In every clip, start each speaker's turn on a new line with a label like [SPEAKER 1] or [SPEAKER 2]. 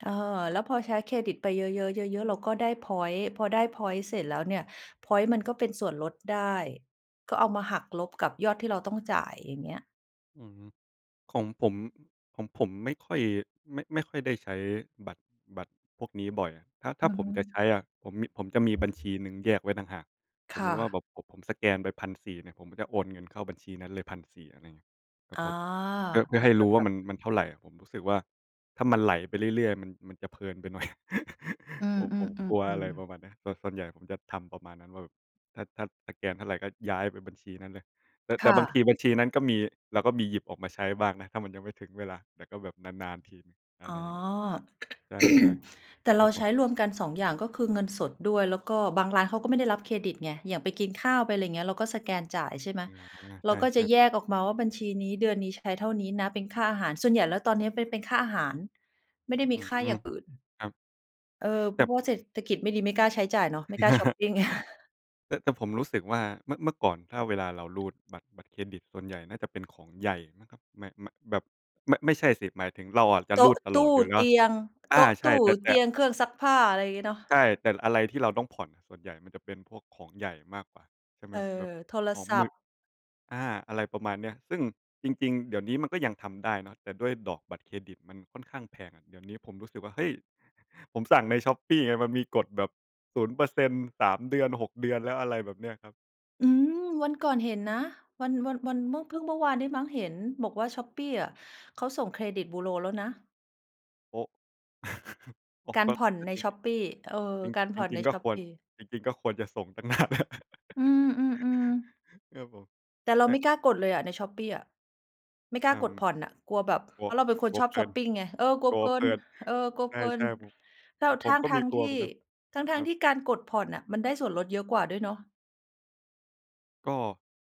[SPEAKER 1] เออ แล้วพอใช้เครดิตไปเยอะ ๆ เยอะ ๆ เราก็ได้พ็อยนต์ พอได้พ็อยนต์เสร็จแล้วเนี่ย พ็อยนต์มันก็เป็นส่วนลดได้ ก็เอามาหักลบกับยอดที่เราต้องจ่าย อย่างเงี้ย
[SPEAKER 2] อือฮึ ของผม ของผมไม่ค่อย ไม่ ไม่ค่อยได้ใช้บัตร บัตรพวกนี้บ่อย ถ้า ถ้
[SPEAKER 1] อื
[SPEAKER 2] า
[SPEAKER 1] อ
[SPEAKER 2] ผ
[SPEAKER 1] ฮ
[SPEAKER 2] มจะใช
[SPEAKER 1] ึ
[SPEAKER 2] ้อะ ผมมี ผมจะมีบัญชีหนึ่งแยกไว้ต่างหาก ส
[SPEAKER 1] ค
[SPEAKER 2] มม
[SPEAKER 1] ่
[SPEAKER 2] ุติว่าแ
[SPEAKER 1] ะ
[SPEAKER 2] บบผม ผมสแกนไป 1,400 เนี่ย ผมจะโอนเงินเข้าบัญชีนั้นเลย 1,400 อะไรเงี้ย ครั
[SPEAKER 1] อ
[SPEAKER 2] บ
[SPEAKER 1] ๋อ
[SPEAKER 2] ผม เพื่อ เพื่
[SPEAKER 1] เห
[SPEAKER 2] อ
[SPEAKER 1] มื
[SPEAKER 2] ให
[SPEAKER 1] อ
[SPEAKER 2] ้
[SPEAKER 1] นก
[SPEAKER 2] ร
[SPEAKER 1] ั
[SPEAKER 2] ู
[SPEAKER 1] บ
[SPEAKER 2] ้ว
[SPEAKER 1] แ
[SPEAKER 2] ่
[SPEAKER 1] บ
[SPEAKER 2] าม
[SPEAKER 1] บ
[SPEAKER 2] ัน มันเท่าไร ผมรู้สึกว่า ถ้ามันไหลไปเรื่อย ๆ มัน มันจะเพลินไปหน่อย
[SPEAKER 1] อื
[SPEAKER 2] ผ
[SPEAKER 1] ม
[SPEAKER 2] ม ผมกลัว อะไร
[SPEAKER 1] ๆ ๆ
[SPEAKER 2] ป
[SPEAKER 1] ๆ
[SPEAKER 2] ระมาณเนี้ย แต่ส่วนใหญ่ผมจะทำประมาณนั้นว่าแบบ ถ้า ถ้าสแกนเท่าไรก็ย้ายไปบัญชีนั้นเลย แต่
[SPEAKER 1] ค
[SPEAKER 2] แต่
[SPEAKER 1] ่
[SPEAKER 2] บางท
[SPEAKER 1] ะ
[SPEAKER 2] ีบัญชีนั้นก็มี เราก็มีหยิบออกมาใช้บ้างนะ ถ้ามันยังไม่ถึงเวลา แต่ก็แบบนาน ๆ ทีหนึ่ง อ
[SPEAKER 1] อ
[SPEAKER 2] ะ
[SPEAKER 1] ๋
[SPEAKER 2] ไร
[SPEAKER 1] อ
[SPEAKER 2] อย่างนี้ ใช่
[SPEAKER 1] แต่
[SPEAKER 2] ๆ
[SPEAKER 1] เ
[SPEAKER 2] ค
[SPEAKER 1] ร
[SPEAKER 2] ร
[SPEAKER 1] า
[SPEAKER 2] ับผ
[SPEAKER 1] ใช
[SPEAKER 2] ม
[SPEAKER 1] ้รวมกัน 2 อย่างก็คือเงินสดด้วย แล้วก็บางร้านเขาก็ไม่ได้รับเครดิตไง อย่างไปกินข้าว ไปอะไรอย่างเงี้ย เราก็สแกนจ่าย ใช่ไหม
[SPEAKER 2] อ๋อ
[SPEAKER 1] เ
[SPEAKER 2] ใ
[SPEAKER 1] ราก็
[SPEAKER 2] ช
[SPEAKER 1] จ
[SPEAKER 2] ่
[SPEAKER 1] ะ
[SPEAKER 2] ๆ
[SPEAKER 1] แยกออกมาว่า บัญชีนี้ เดือนนี้ ใช้เท่านี้นะ เป็นค่าอาหาร ส่วนใหญ่แล้วตอนเนี้ยเป็น เป็นค่าอาหาร ไม่ได้ม
[SPEAKER 2] อ
[SPEAKER 1] ี
[SPEAKER 2] ือ
[SPEAKER 1] ค่าอย่างอื่น
[SPEAKER 2] ครับ
[SPEAKER 1] เออ เ
[SPEAKER 2] แ
[SPEAKER 1] พ
[SPEAKER 2] ต
[SPEAKER 1] ร
[SPEAKER 2] ่
[SPEAKER 1] าะว่า
[SPEAKER 2] ผ
[SPEAKER 1] เศรษฐกิจไม่ดี ไม่กล้าใช้จ่ายเนาะ ไม่กล้าชอปปิง
[SPEAKER 2] แต่ แต่ผมรู้สึกว่า เมื่อ เมื่อก่อนถ้าเวลาเรารูดบัตร บัตรเครดิต ส่วนใหญ่น่าจะเป็นของใหญ่นะครับ ไม่ ไม่ แบบ ไม่ ไม่ใช่สิ หมายถึงเราอะจะ
[SPEAKER 1] โต
[SPEAKER 2] ร
[SPEAKER 1] ๊
[SPEAKER 2] ู
[SPEAKER 1] ะ
[SPEAKER 2] ดต
[SPEAKER 1] ต
[SPEAKER 2] ลอ
[SPEAKER 1] ู
[SPEAKER 2] ด
[SPEAKER 1] ้
[SPEAKER 2] อยู่แล้
[SPEAKER 1] เต
[SPEAKER 2] ว
[SPEAKER 1] ียง
[SPEAKER 2] อ
[SPEAKER 1] โ
[SPEAKER 2] า
[SPEAKER 1] ต๊ะ
[SPEAKER 2] ใช
[SPEAKER 1] ต
[SPEAKER 2] ่
[SPEAKER 1] ู้
[SPEAKER 2] แต่ แ
[SPEAKER 1] เ
[SPEAKER 2] ต
[SPEAKER 1] ต
[SPEAKER 2] ่
[SPEAKER 1] ียง เครื่องซักผ้า อะไรอย่างเงี้ยเนาะ
[SPEAKER 2] ใช่ แต่อะไรที่เราต้องผ่อนน่ะ ส่วนใหญ่มันจะเป็นพวกของใหญ่มากกว่า ใช่ไหม
[SPEAKER 1] เออ
[SPEAKER 2] แบบ
[SPEAKER 1] โทร
[SPEAKER 2] ของ
[SPEAKER 1] ศ
[SPEAKER 2] ม
[SPEAKER 1] ั
[SPEAKER 2] ื
[SPEAKER 1] พ
[SPEAKER 2] อ
[SPEAKER 1] ท์
[SPEAKER 2] อา อะไรประมาณเนี้ย ซึ่งจริง ๆ เดี๋ยวนี้มันก็ยังทำได้เนาะ แต่ด้วยดอกบัตรเครดิตมันค่อนข้างแพงอะ เดี๋ยวนี้ผมรู้สึกว่า เฮ้ย! ผมสั่งใน Shopee ไง มันมีกดแบบ 0% 3 เดือน 6 เดือนแล้ว อะไรแบบเนี้ยครับ
[SPEAKER 1] อืม วันก่อนเห็นนะ วัน วัน วันเมื่อ เพิ่งเมื่อวานนี้มั้งเห็นบอกว่า Shopee อะ เขาส่งเครดิตบูโรแล้วนะ
[SPEAKER 2] โอ้ อ๋อ
[SPEAKER 1] กา
[SPEAKER 2] ก
[SPEAKER 1] ร
[SPEAKER 2] ็
[SPEAKER 1] ผ่อน
[SPEAKER 2] ก็
[SPEAKER 1] ใน
[SPEAKER 2] จริง
[SPEAKER 1] Shopee เออ
[SPEAKER 2] จริง
[SPEAKER 1] การ
[SPEAKER 2] จ
[SPEAKER 1] ผ่อน
[SPEAKER 2] ร
[SPEAKER 1] ใ
[SPEAKER 2] ิ
[SPEAKER 1] น
[SPEAKER 2] ง ๆ ก็ควร
[SPEAKER 1] Shopee
[SPEAKER 2] จริง ๆ ก็ควรจะส่ง ตั้งนานแล้ว
[SPEAKER 1] อืม ๆ ๆ
[SPEAKER 2] ครับผม
[SPEAKER 1] แต่เรา
[SPEAKER 2] ใช
[SPEAKER 1] ไ
[SPEAKER 2] ่
[SPEAKER 1] ม่กล้ากดเลยอะใน Shopee อะ ไม่ก
[SPEAKER 2] เ
[SPEAKER 1] ล้
[SPEAKER 2] อ
[SPEAKER 1] า
[SPEAKER 2] ่อ
[SPEAKER 1] กดผ่อนน่ะ กลัวแบบ
[SPEAKER 2] กลั
[SPEAKER 1] เพ
[SPEAKER 2] ว
[SPEAKER 1] ราะเราเป็นคน
[SPEAKER 2] กลั
[SPEAKER 1] ช
[SPEAKER 2] ว
[SPEAKER 1] อ
[SPEAKER 2] เ
[SPEAKER 1] บ
[SPEAKER 2] พล
[SPEAKER 1] ช
[SPEAKER 2] ิ
[SPEAKER 1] อป
[SPEAKER 2] น
[SPEAKER 1] ปิงไง เออ กลั
[SPEAKER 2] ก
[SPEAKER 1] ว
[SPEAKER 2] ลั
[SPEAKER 1] เพ
[SPEAKER 2] ว
[SPEAKER 1] ลิ
[SPEAKER 2] เพ
[SPEAKER 1] น
[SPEAKER 2] ลิน
[SPEAKER 1] เออ กลัว
[SPEAKER 2] ใ
[SPEAKER 1] เพลิ
[SPEAKER 2] ช
[SPEAKER 1] น
[SPEAKER 2] ่
[SPEAKER 1] แล
[SPEAKER 2] ๆ
[SPEAKER 1] ้
[SPEAKER 2] ผม ข
[SPEAKER 1] ว
[SPEAKER 2] องผ
[SPEAKER 1] ท
[SPEAKER 2] มก็
[SPEAKER 1] ั
[SPEAKER 2] ม
[SPEAKER 1] ้
[SPEAKER 2] ี
[SPEAKER 1] ง
[SPEAKER 2] ก
[SPEAKER 1] ๆ
[SPEAKER 2] ล
[SPEAKER 1] ท
[SPEAKER 2] ัว
[SPEAKER 1] ี่
[SPEAKER 2] เหมือนกัน
[SPEAKER 1] ทั
[SPEAKER 2] ค
[SPEAKER 1] ้
[SPEAKER 2] ร
[SPEAKER 1] ง
[SPEAKER 2] ั
[SPEAKER 1] ๆ ท
[SPEAKER 2] บ
[SPEAKER 1] ี่การกดผ่อนน่ะมันได้ส่วนลดเยอะกว่าด้วยเนาะ
[SPEAKER 2] ก็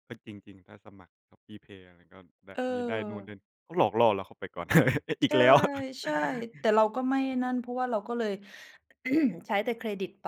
[SPEAKER 2] ก็จริง ๆ ถ้าสมัคร ShopeePay อะไรก็ได้
[SPEAKER 1] เ
[SPEAKER 2] มีได้นู้นได
[SPEAKER 1] ออ
[SPEAKER 2] ้ ก็หลอกล่อเราเข้าไปก่อน อ
[SPEAKER 1] ใ
[SPEAKER 2] ี
[SPEAKER 1] ช
[SPEAKER 2] ก
[SPEAKER 1] ่
[SPEAKER 2] แล้ว
[SPEAKER 1] ใช่ แต่เราก็ไม่ไอ้นั่น เพราะว่าเราก็เลย ใช้แต่เครดิตไป